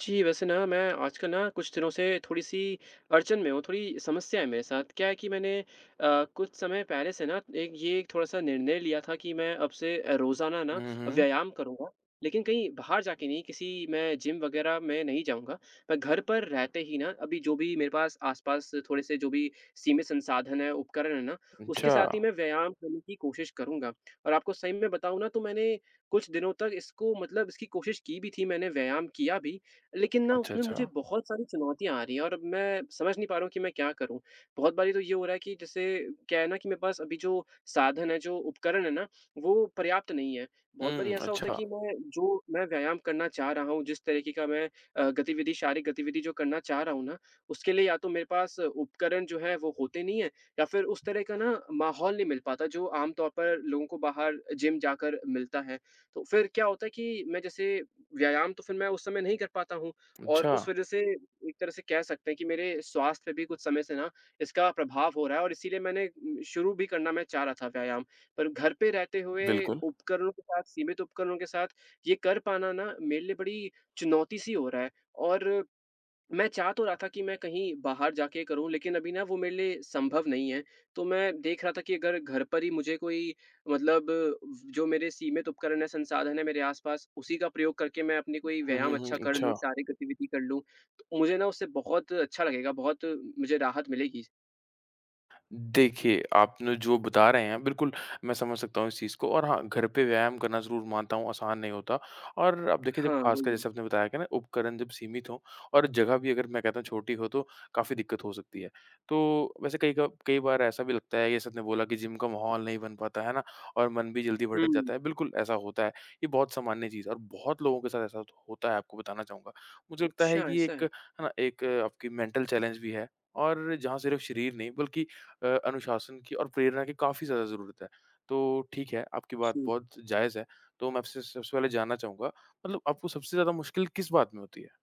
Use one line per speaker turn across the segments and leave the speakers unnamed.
जी, वैसे ना मैं आजकल ना कुछ दिनों से थोड़ी-सी अड़चन में हूँ, थोड़ी समस्या है मेरे साथ, क्या है कि मैंने अ, कुछ समय पहले से ना, एक ये एक थोड़ा-सा निर्णय लिया था कि मैं अब से अ, रोजाना ना
हुँ, हुँ।
व्यायाम करूँगा, लेकिन कहीं बाहर जाके नहीं, किसी मैं जिम वग़ैरह मैं नहीं जाऊँगा, मैं घर पर रहते ही ना, अभी जो भी मेरे पास आसपास थोड़े-से जो भी सीमित संसाधन हैं, उपकरण हैं ना, उसके
अच्छा।
साथ ही मैं व्यायाम करने की कोशिश करूँगा। और आपको सही में बताऊँ ना तो मैंने कुछ दिनों तक इसको मतलब इसकी कोशिश की भी थी, मैंने व्यायाम किया भी लेकिन ना
अच्छा,
उसमें मुझे
अच्छा।
बहुत सारी चुनौतियाँ आ रही हैं और अब मैं समझ नहीं पा रहा हूँ कि मैं क्या करूँ? बहुत बारी तो ये हो रहा है कि, जैसे क्या है ना कि मेरे पास अभी जो साधन हैं, जो उपकरण हैं ना, वो पर्याप्त नहीं हैं, बहुत बारी
हुँ।
ऐसा होता है
अच्छा।
कि मैं जो मैं व्यायाम करना चाह रहा हूँ, जिस तरीके का मैं अ, गतिविधि शारीरिक गतिविधि जो करना चाह रहा हूँ ना, उसके लिए या तो मेरे पास उपकरण जो हैं, वो होते नहीं हैं या फिर उस तरह का ना माहौल नहीं मिल पाता, जो आमतौर पर लोगों को बाहर अ, जिम जाकर मिलता है। तो फिर क्या होता है कि मैं जैसे, व्यायाम तो फिर मैं उस समय नहीं कर पाता हूँ और
अच्छा।
उस वज़ह से एक तरह से कह सकते हैं कि मेरे स्वास्थ्य भी कुछ समय से ना, इसका प्रभाव हो रहा है और इसीलिए मैंने उम, शुरू भी करना मैं चाह रहा था व्यायाम। पर घर पे रहते हुए
बिल्कुल।
उपकरणों के साथ सीमित उपकरणों के साथ ये कर पाना ना मेरे लिए बड़ी चुनौती सी हो रहा है और मैं चाह तो रहा था कि मैं कहीं बाहर जाके करूँ लेकिन अभी ना वो मेरे लिए सँभव नहीं है, तो मैं देख रहा था कि अगर घर पर ही मुझे कोई मतलब व जो मेरे सीमित उपकरण हैं, संसाधन हैं मेरे आसपास, उसी का प्रयोग करके मैं अपनी कोई
हुँ,
व्यायाम
हुँ, हुँ।
अच्छा कर
अच्छा।
लूँ, शारीरिक गतिविधि कर लूँ, मुझे ना उससे बहुत अच्छा लगेगा, बहुत मुझे राहत मिलेगी।
देखिए, आप ना जो बता रहे हैं बिल्कुल, मैं समझ सकता हूँ इस चीज़ को, और हाँ, घर पे व्यायाम करना ज़रूर मानता हूँ आसान नहीं होता और अब देखिए, जब
हाँ,
खासकर
वही है।
जैसे आपने बताया कि ना, उपकरण जब सीमित हों और जगह भी अगर, मैं कहता हूँ छोटी हो, तो काफ़ी दिक्कत हो सकती है। तो वैसे कई का कई बार ऐसा भी लगता है, जैसे आपने बोला कि जिम का माहौल नहीं बन पाता, है ना? और मन भी जल्दी भटक
हुँ।
जाता है, बिल्कुल, ऐसा होता है। ये बहुत सामान्य चीज़ है और बहुत लोगों के साथ ऐसा होत होता है, आपको बताना चाहूँगा। मुझे लगता
अच्छा,
है कि
ऐसा
एक,
है।
है ना, एक आपकी मेंटल चैलेंज भी है, और जहाँ सिर्फ़ शरीर नहीं, बल्कि अ, अनुशासन की और प्रेरणा की काफ़ी ज़्यादा ज़रूरत है, तो ठीक है, आपकी बात
हुँ।
बहुत जायज़ है। तो मैं आपसे सबसे पहले जानना चाहूँगा, मतलब आपको सबसे ज़्यादा मुश्किल किस बात में होती है?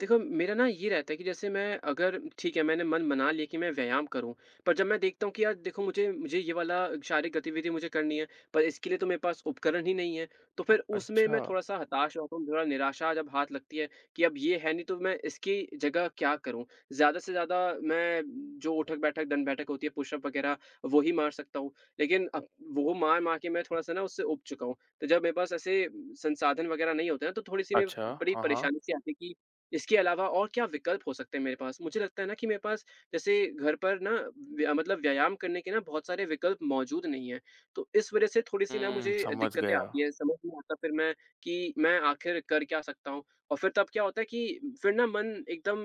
देखो, मेरा ना, ये रहता है कि जैसे मैं अगर ठीक है, मैंने मन बना लिया कि मैं व्यायाम करूँ, पर जब मैं देखता हूँ कि, "यार देखो, मुझे मुझे ये वाला शारीरिक गतिविधि मुझे करनी है, पर इसके लिए तो मेरे पास उपकरण ही नहीं है।" तो फिर उसमें मैं
अच्छा!
थोड़ा-सा हताश हो जाता हूँ, थोड़ा निराशा जब हाथ लगती है कि अब ये है नहीं, तो मैं इसकी जगह क्या करूँ? ज़्यादा से ज़्यादा, मैं जो उठक-बैठक, दण्ड-बैठक होती है, पुशअप वगैरह, वो ही मार सकता हूँ, लेकिन अब वो मार-मार के मैं थोड़ा-सा ना, उससे ऊब चुका हूँ, तो जब मेरे पास ऐसे संसाधन वगैरह नहीं होते ना, तो थोड़ी-सी में
अच्छा,
बड़ी
हाँ, हाँ।
परेशानी-सी आती है कि इसके अलावा और क्या विकल्प हो सकते हैं मेरे पास? मुझे लगता है ना कि मेरे पास, जैसे घर पर ना, व्या मतलब व्यायाम करने के ना, बहुत सारे विकल्प मौजूद नहीं हैं, तो इस वजह से थोड़ी-सी ना,
हुँ,
मुझे
समझ
दिक्कतें
गया।
आती हैं, समझ नहीं आता, फिर मैं, कि मैं आखिर कर क्या सकता हूँ? और फिर तब क्या होता है कि फिर ना, मन एकदम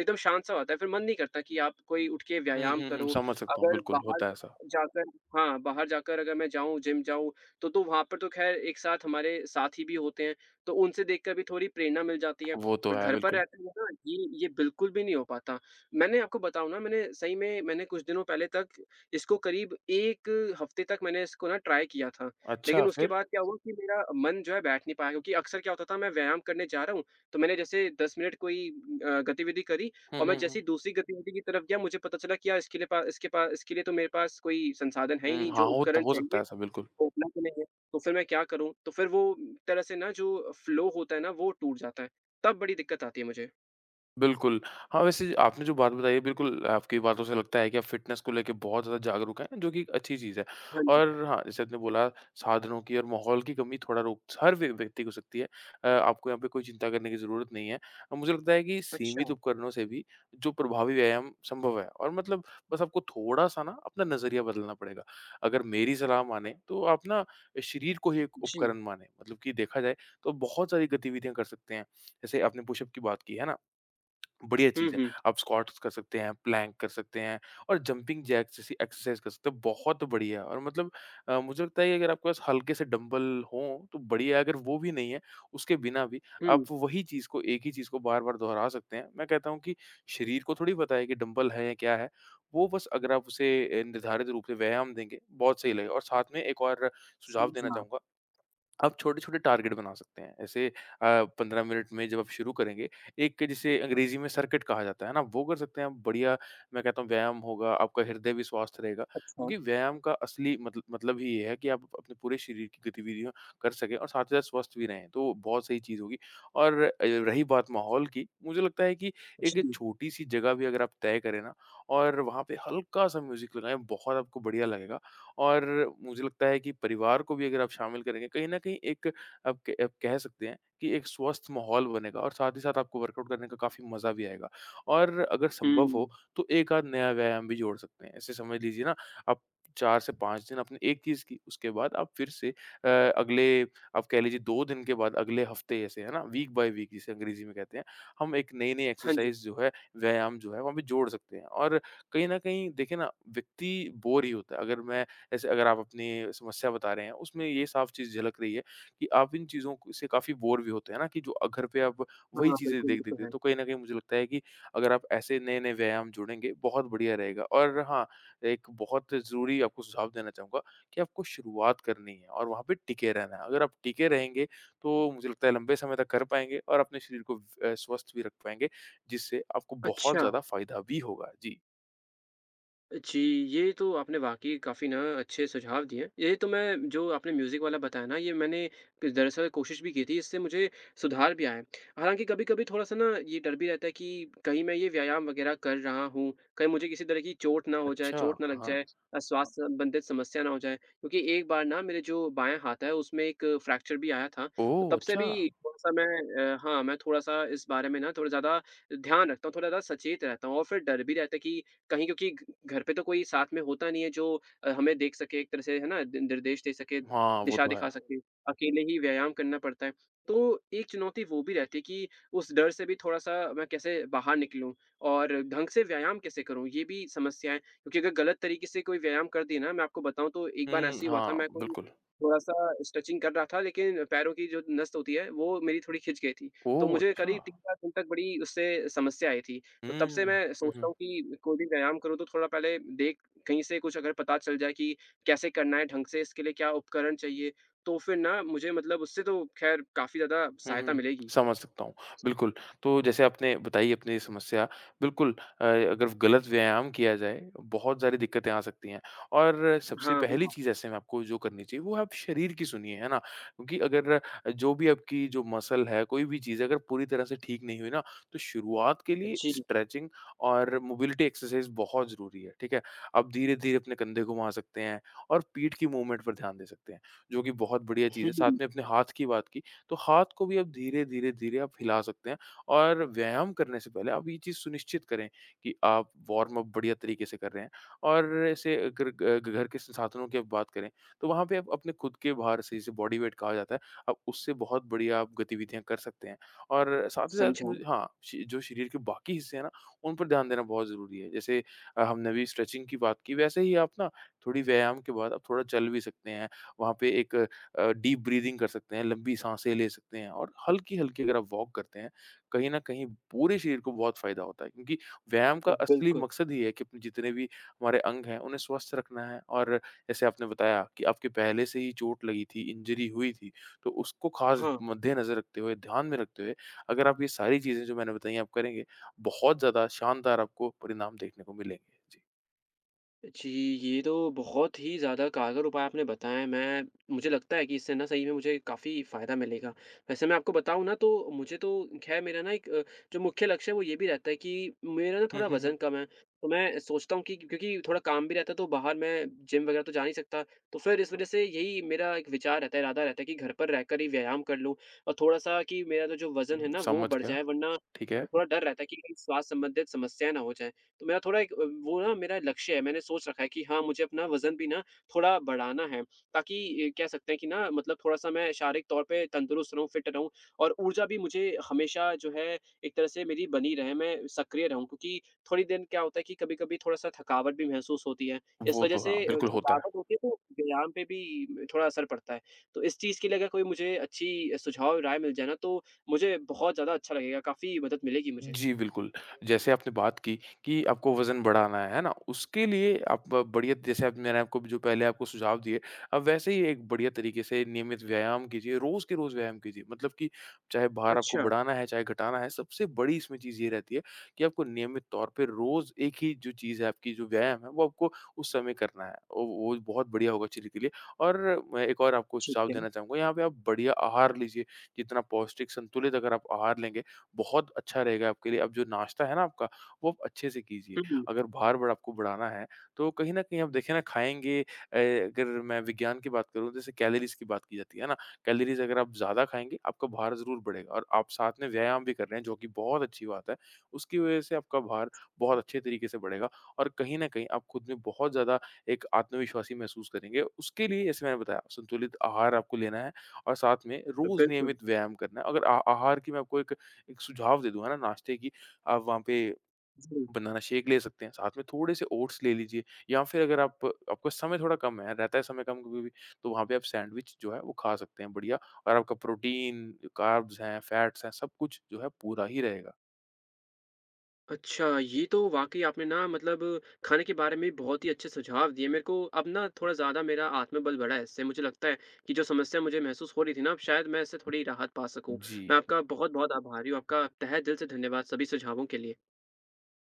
एकदम शांत-सा हो जाता है, फिर मन नहीं करता कि आप कोई उठ के
हुँ,
व्यायाम
हुँ, हुँ,
करो।
समझ सकता हूँ,
अगर
बिल्कुल,
बाहर
होता है ऐसा।
जाकर हाँ, बाहर जाकर अगर मैं जाऊँ, जिम जाऊँ, तो तो वहाँ पर तो ख़ैर एक साथ हमारे साथी भी होते हैं, तो उनसे देखकर भी थोड़ी प्रेरणा मिल जाती है,
वो तो
पर
है,
घर पर
बिल्कुल।
रहते हुए ना, ये ये बिल्कुल भी नहीं हो पाता। मैंने आपको बताऊँ ना, मैंने सही में, मैंने कुछ दिनों पहले तक, इसको करीब 1 हफ़्ते तक, मैंने इस को ना ट्राई किया था। लेकिन
अच्छा,
उसके
फिर?
बाद क्या हुआ कि मेरा मन, जो है, बैठ नहीं पाया, क्योंकि अक्सर क्या होता था, मैं व्यायाम करने जा रहा हूँ, तो मैंने जैसे 10 मिनट कोई अ, गतिविधि करी,
हुँ,
और मैं
हुँ,
जैसे
हुँ।
ही दूसरी गतिविधि की तरफ गया, मुझे पता चला कि यार, इसके लिए पा इसके पा इसके लिए तो मेरे पास कोई संसाधन है ही
हुँ,
नहीं, जो
हाँ, होत
उपकरण
हो सकता
चाहिए,
है ऐसा, बिल्कुल।
वो उपलब्ध नहीं है। तो फिर मैं क्या करूँ? तो फिर वो उम, तरह से ना, जो फ़्लो होता है ना, वो टूट जाता है, तब बड़ी दिक्कत आती है मुझे।
बिल्कुल। हाँ, वैसे आपने जो बात बताई है, बिल्कुल आपकी बातों से लगता है कि आप फ़िटनेस को लेके बहुत ज़्यादा जागरूक हैं जो कि एक अच्छी चीज़ है
हाँ जी।
और हाँ, जैसे आपने बोला साधनों की और माहौल की कमी थोड़ा रोक हर व्य व्यक्ति को हो सकती है। अ, आपको यहाँ पे कोई चिंता करने की ज़रूरत नहीं है। अ, मुझे लगता है कि सीमित
अच्छा।
उपकरणों से भी जो प्रभावी व्यायाम संभव है और मतलब बस आपको थोड़ा-सा ना अपना नज़रिया बदलना पड़ेगा। अगर मेरी सलाह मानें, तो आप ना शरीर को ही एक
जी।
उपकरण मानें मतलब कि देखा जाए, तो बहुत सारी गतिविधियाँ कर सकते हैं। जैसे आपने पुशअप की बात की है ना? बढ़िया
हुँ,
चीज़ है।
हुँ।
आप स्क्वाट्स कर सकते हैं, प्लैंक कर सकते हैं और जंपिंग जैक्स जैसी एक्सरसाइज़ कर सकते हैं। बहुत बढ़िया और मतलब अ, मुझे लगता है कि अगर आपके पास हल्के से डम्बल हों तो बढ़िया है। अगर वो भी नहीं है, उसके बिना भी आप
हुँ।
वही चीज़ को एक ही चीज़ को बार-बार दोहरा सकते हैं। मैं कहता हूँ कि शरीर को थोड़ी पता है कि डम्बल है या क्या है। वो बस अगर आप उसे ए निर्धारित रूप से व्यायाम देंगे, बहुत सही लगेगा और साथ में एक और सुझाव देना
समझा।
चाहूँगा। आप छोटे-छोटे टार्गेट बना सकते हैं। ऐसे अ, 15 मिनट में जब आप शुरू करेंगे, एक जिसे अंग्रेज़ी में सर्किट कहा जाता है ना, वो कर सकते हैं आप। बढ़िया मैं कहता हूँ व्यायाम होगा, आपका हृदय भी स्वस्थ रहेगा
अच्छा।
क्योंकि व्यायाम का असली मतल मतलब ही ये है कि आप अपने पूरे शरीर की गतिविधियाँ कर सकें और साथ ही साथ स्वस्थ भी रहें तो बहुत सही चीज़ होगी और अ, रही बात माहौल की, मुझे लगता है कि एक
जी।
छोटी-सी जगह भी अगर आप तय करें ना और वहाँ पे हल्का-सा म्यूज़िक लगाएँ, बहुत आपको बढ़िया लगेगा और मुझे लगता है कि परिवार को भी अगर आप शामिल करेंगे कहीं न कहीं एक आप के आप कह सकते हैं, कि एक स्वस्थ माहौल बनेगा और साथ ही साथ आपको वर्कआउट करने का काफ़ी मज़ा भी आएगा और अगर संभव हो,
हुँ।
तो एक-आध नया व्यायाम भी जोड़ सकते हैं। ऐसे समझ लीजिए ना, आप 4 से 5 दिन आपने एक चीज़ की, उसके बाद आप फिर से अ, अगले आप कह लीजिए, 2 दिन के बाद अगले हफ्ते जैसे है ना? वीक बाई वीक जिसे अंग्रेज़ी में कहते हैं, हम एक नए-नए
हाँ जी।
एक्सरसाइज़ जो है, व्यायाम जो हैं वहाँ भी जोड़ सकते हैं और कहीं न कहीं देखिए ना, व्यक्ति बोर ही होता है। अगर मैं जैसे अगर आप अपनी समस्या बता रहे हैं, उसमें ये साफ चीज़ झलक रही है, कि आप इन चीज़ों को से काफ़ी बोर भी होते हैं ना? कि जो अ, घर पे आप वही
हाँ,
चीज़ें
बिल्कुल ये
देख-देख
तो
के
है।
तो कहीं न कहीं मुझे लगता है कि अगर आप ऐसे नए-नए व्यायाम जोड़ेंगे, बहुत बढ़िया रहेगा और हाँ, एक बहुत ज़रूरी आपको सुझाव देना चाहूँगा, कि आपको शुरुआत करनी है और वहाँ पे टिके रहना है। अगर आप टिके रहेंगे तो मुझे लगता है लंबे समय तक कर पाएँगे और अपने शरीर को व अ, स्वस्थ भी रख पाएँगे जिससे आपको बहुत
अच्छा।
ज़्यादा फायदा भी होगा। जी।
जी, ये तो आपने वाक़ई काफ़ी ना अच्छे सुझाव दिए, यही तो मैं जो आपने म्यूजिक वाला बताया ना, ये मैंने फिर दरअसल कोशिश भी की थी इससे मुझे सुधार भी आया, हालाँकि कभी-कभी थोड़ा-सा ना ये डर भी रहता है कि, कहीं मैं ये व्यायाम वगैरह कर रहा हूँ, कहीं मुझे किसी तरह की चोट ना हो जाए,
अच्छा,
चोट ना लग
हाँ।
जाए अ, स्वास्थ्य संबंधित समस्या ना हो जाए, क्योंकि एक बार ना मेरे जो बायाँ हाथ है, उसमें एक फ्रैक्चर भी आया था, तो
ओह,
तब से
अच्छा!
भी थोड़ा-सा मैं अ, हाँ, मैं थोड़ा-सा इस बारे में थोड़ा ज़्यादा ध्यान रखता हूँ, थोड़ा ज़्यादा सचेत रहता हूँ। और फिर डर भी रहता है कि कहीं क्योंकि कि घ घर पे तो कोई साथ में होता नहीं है जो अ, हमें देख सके, एक तरह से है ना, दि निर्देश दे सके,
हाँ, वो
दिशा
तो है।
दिखा सके, अकेले ही व्यायाम करना पड़ता है, तो एक चुनौती वो भी रहती है कि उस डर से भी थोड़ा-सा मैं कैसे बाहर निकलूँ और ढंग से व्यायाम कैसे करूँ? ये भी समस्या है, क्योंकि अगर गलत तरीके से कोई व्यायाम कर दी ना मैं आपको बताऊँ तो एक बार
हुँ,
ऐसे ही हुआ था,
हाँ,
मैं कोई
बिल्कुल।
थोड़ा-सा स्ट्रेचिंग कर रहा था, लेकिन पैरों की जो नस होती है, वो मेरी थोड़ी खिंच गई थी, तो
ओह,
मुझे करीब
अच्छा!
3-4 दिन तक बड़ी उससे समस्या आई थी।
हुँ।
तो तब से मैं
हुँ,
सोचता
हुँ।
हूँ कि, कोई भी व्यायाम करूँ तो थोड़ा पहले देख कहीं से कुछ अगर पता चल जाए कि कैसे करना है ढंग से, इसके लिए क्या उपकरण चाहिए? तो फिर ना मुझे मतलब उससे तो खैर काफ़ी ज़्यादा
हुँ, हुँ,
सहायता
हुँ,
मिलेगी।
समझ सकता हूँ, बिल्कुल। तो जैसे आपने बताई अपनी ये समस्या, बिल्कुल अ, अगर गलत व्यायाम किया जाए, बहुत सारी दिक्कतें आ सकती हैं और सबसे
हाँ, वही
पहली
ना।
चीज़ ऐसे में आपको जो करनी चाहिए, वो है आप शरीर की सुनिए है ना, क्योंकि अगर अ, जो भी आपकी जो मसल है, कोई भी चीज़ है, अगर पूरी तरह से ठीक नहीं हुई ना तो शुरुआत के
अ,
लिए
जी।
स्ट्रेंचिंग और मोबिलिटी एक्सरसाइज़ बहुत ज़रूरी है, ठीक है? आप धीरे-धीरे अपने कंधे घुमा सकते हैं और पीठ की मूवमेंट पर ध्यान दे सकते हैं, जो कि बहुत बढ़िया चीज़ है, साथ में अपने हाथ की बात की, तो हाथ को भी आप धीरे-धीरे, धीरे आप हिला सकते हैं और व्यायाम करने से पहले आप ये चीज़ सुनिश्चित करें, कि आप वार्म अप बढ़िया तरीके से कर रहे हैं। और ऐसे अगर ग घर के साधनों की आप बात करें, तो वहाँ पे आप अपने खुद के भार से, जिसे बॉडी वेट कहा जाता है, आप उससे बहुत बढ़िया आप गतिविधियाँ कर सकते हैं और साथ ही साथ में
समझा।
जो हाँ, शि जो शरीर के बाकी हिस्से हैं ना, उन पर ध्यान देना बहुत ज़रूरी है, जैसे अ, हमने अभी स्ट्रेचिंग की बात की, वैसे ही आप ना, थोड़ी व्यायाम के बाद आप थोड़ा चल भी सकते हैं। वहाँ पे एक अ, डीप ब्रीदिंग कर सकते हैं, लंबी साँसे ले सकते हैं और हल्की-हल्की अगर आप वॉक करते हैं, कहीं न कहीं पूरे शरीर को बहुत फायदा होता है। क्योंकि व्यायाम का
हाँ,
असली
बिल्कुल।
मकसद ही है कि जितने भी हमारे अंग हैं, उन्हें स्वस्थ रखना है और जैसे आपने बताया कि आपकी पहले से ही चोट लगी थी, इंजरी हुई थी, तो उसको ख़ास
हाँ।
मद्देनज़र रखते हुए, ध्यान में रखते हुए, अगर आप ये सारी चीजें जो मैंने बताई हैं, आप करेंगे, बहुत ज़्यादा शानदार आपको परिणाम देखने को मिलेंगे। जी।
जी, ये तो बहुत ही ज़्यादा कारगर उपाय आपने बताए हैं। मैं मुझे लगता है कि इससे ना, सही में मुझे काफ़ी फ़ायदा मिलेगा। वैसे मैं आपको बताऊँ ना, तो मुझे तो ख़ैर मेरा ना एक, जो मुख्य लक्ष्य है, वो ये भी रहता है कि मेरा ना
हुँ,
थोड़ा
हुँ, हुँ।
वज़न कम है। तो मैं सोचता हूँ कि क्योंकि थोड़ा काम भी रहता है, तो बाहर मैं जिम वग़ैरह तो जा नहीं सकता। तो फिर इस वज़ह से यही मेरा एक विचार रहता है, इरादा रहता है कि घर पर रहकर ही व्यायाम कर लूँ, और थोड़ा-सा कि मेरा तो जो वज़न है
उम,
ना, वो
समझ
बढ़
गया।
जाए। वरना
ठीक
अ,
है।
थोड़ा डर रहता है कि कहीं स्वास्थ्य संबंधित समस्याएँ ना हो जाएँ। तो मेरा थोड़ा एक अ, वो ना मेरा लक्ष्य है। मैंने सोच रखा है कि हाँ, मुझे अपना वज़न भी ना, थोड़ा बढ़ाना है, ताकि इ कह सकते हैं कि ना, मतलब थोड़ा-सा मैं शारीरिक तौर पे तंदुरुस्त रहूँ, फ़िट रहूँ, और ऊर्जा भी मुझे हमेशा, जो है, एक तरह से मेरी बनी रहे। मैं सक्रिय रहूँ, क्योंकि थोड़ी दिन क्या होता है कि कभी-कभी थोड़ा-सा थकावट भी महसूस होती है। इस
वो
वजह
तो
से
हाँ,
अ,
बिल्कुल होता है।
थकावट होती है, तो व्यायाम पे भी थोड़ा असर पड़ता है। तो इस चीज़ के लिए अगर कोई मुझे अच्छी सुझाव और राय मिल जाए ना, तो मुझे बहुत ज़्यादा अच्छा लगेगा। काफ़ी मदद मिलेगी मुझे।
जी, बिल्कुल। जैसे आपने बात की, कि आपको वज़न बढ़ाना है, है ना? उसके लिए आप बढ़िया जैसे अब मैंने आपको भी जो पहले आपको सुझाव दिए, आप वैसे ही एक बढ़िया तरीके से नियमित व्यायाम कीजिए। रोज़ के रोज़ व्यायाम कीजिए। मतलब कि चाहे भार आपको
अच्छा।
बढ़ाना है, चाहे घटाना है, सबसे बड़ी इसमें चीज़ ये रहती है कि आपको नियमित तौर पे रोज़ एक ही जो चीज़ है, आपकी जो व्यायाम है, वो आपको उस समय करना है। ओ वो भी बहुत बढ़िया होगा शरीर के लिए। और, मैं एक और आपको
ठीक
सुझाव
है।
देना चाहूँगा, यहाँ पे आप बढ़िया आहार लीजिए। जितना पौष्टिक, संतुलित अगर आप आहार लेंगे, बहुत अच्छा रहेगा आपके लिए। अब जो नाश्ता है ना आपका, वो आप अच्छे से कीजिए।
हुँ, हुँ।
अगर भार-वार आपको बढ़ाना है, तो कहीं न कहीं आप देखें ना, खाएँगे अ, अगर मैं विज्ञान की बात करूँ, जैसे कैलोरीज़ की बात की जाती है ना, कैलोरीज़ अगर आप ज़्यादा खाएँगे, आपका भार ज़रूर बढ़ेगा और आप साथ में व्यायाम भी कर रहे हैं, जो कि बहुत अच्छी बात है। उसकी वज़ह से आपका भार बहुत अच्छे तरीके से बढ़ेगा, और कहीं न कहीं, आप खुद में बहुत ज़्यादा एक आत्मविश्वासी महसूस करेंगे। उसके लिए, जैसे मैंने बताया, संतुलित आहार आपको लेना है और साथ में
अ,
रोज़
बिल्कुल।
नियमित व्यायाम करना है। अगर आ आहार की मैं आपको एक एक सुझाव दे दूँगा ना, नाश्ते की, आप वहाँ पे
जी।
बनाना शेक ले सकते हैं, साथ में थोड़े-से ओट्स ले लीजिए, या फिर अगर आप आपका समय थोड़ा कम है, रहता है समय कम कभी-कभी, तो वहाँ पे आप सैंडविच जो है, वो खा सकते हैं बढ़िया, और आपका प्रोटीन, कार्ब्स हैं, फैट्स हैं, सब कुछ जो है, पूरा ही रहेगा।
अच्छा, ये तो वाक़ई आपने ना, मतलब खाने के बारे में बहुत ही अच्छे सुझाव दिए। मेरे को अब ना, थोड़ा ज़्यादा मेरा आत्मबल बढ़ा है इससे। मुझे लगता है कि जो समस्या मुझे महसूस हो रही थी ना, अब शायद मैं इससे थोड़ी राहत पा सकूँ।
जी।
मैं आपका बहुत-बहुत आभारी हूँ, आपका तहे दिल से धन्यवाद, सभी सुझावों के लिए।